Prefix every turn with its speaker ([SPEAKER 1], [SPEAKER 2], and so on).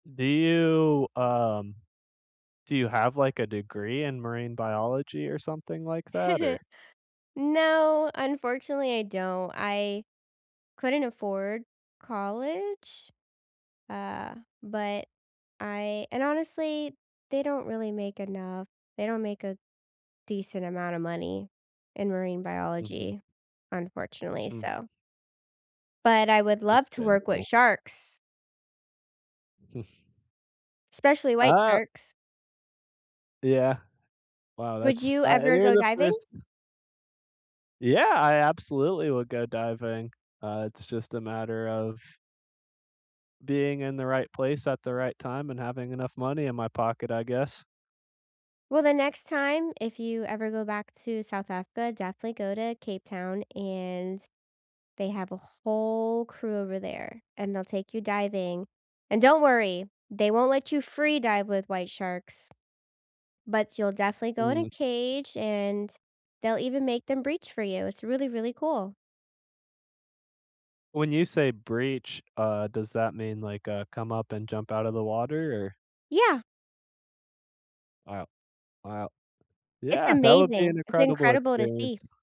[SPEAKER 1] Do you, um, do you have, like, a degree in marine biology or something like that, or
[SPEAKER 2] No, unfortunately, I don't, I couldn't afford college, uh, but I and honestly, they don't really make enough, they don't make a decent amount of money in marine
[SPEAKER 1] Mhm.
[SPEAKER 2] biology, unfortunately,
[SPEAKER 1] Mm.
[SPEAKER 2] so But I would love to work with
[SPEAKER 1] Understandable
[SPEAKER 2] sharks especially white
[SPEAKER 1] Ah
[SPEAKER 2] sharks.
[SPEAKER 1] Yeah. Wow,
[SPEAKER 2] Would
[SPEAKER 1] that's
[SPEAKER 2] you
[SPEAKER 1] uh,
[SPEAKER 2] ever
[SPEAKER 1] you're
[SPEAKER 2] go
[SPEAKER 1] the
[SPEAKER 2] diving?
[SPEAKER 1] 1st Yeah, I absolutely would go diving. Uh, it's just a matter of being in the right place at the right time, and having enough money in my pocket, I guess.
[SPEAKER 2] Well, the next time, if you ever go back to South Africa, definitely go to Cape Town, and they have a whole crew over there, and they'll take you diving, and don't worry, they won't let you free dive with white sharks, but you'll definitely go in a
[SPEAKER 1] Mm.
[SPEAKER 2] cage, and they'll even make them breach for you. It's really, really cool.
[SPEAKER 1] When you say "breach," uh, does that mean, like, uh, come up and jump out of the water, or
[SPEAKER 2] Yeah!
[SPEAKER 1] Wow. Wow.
[SPEAKER 2] It's
[SPEAKER 1] Yeah, that would be an
[SPEAKER 2] amazing, it's
[SPEAKER 1] incredible
[SPEAKER 2] incredible to see.
[SPEAKER 1] experience.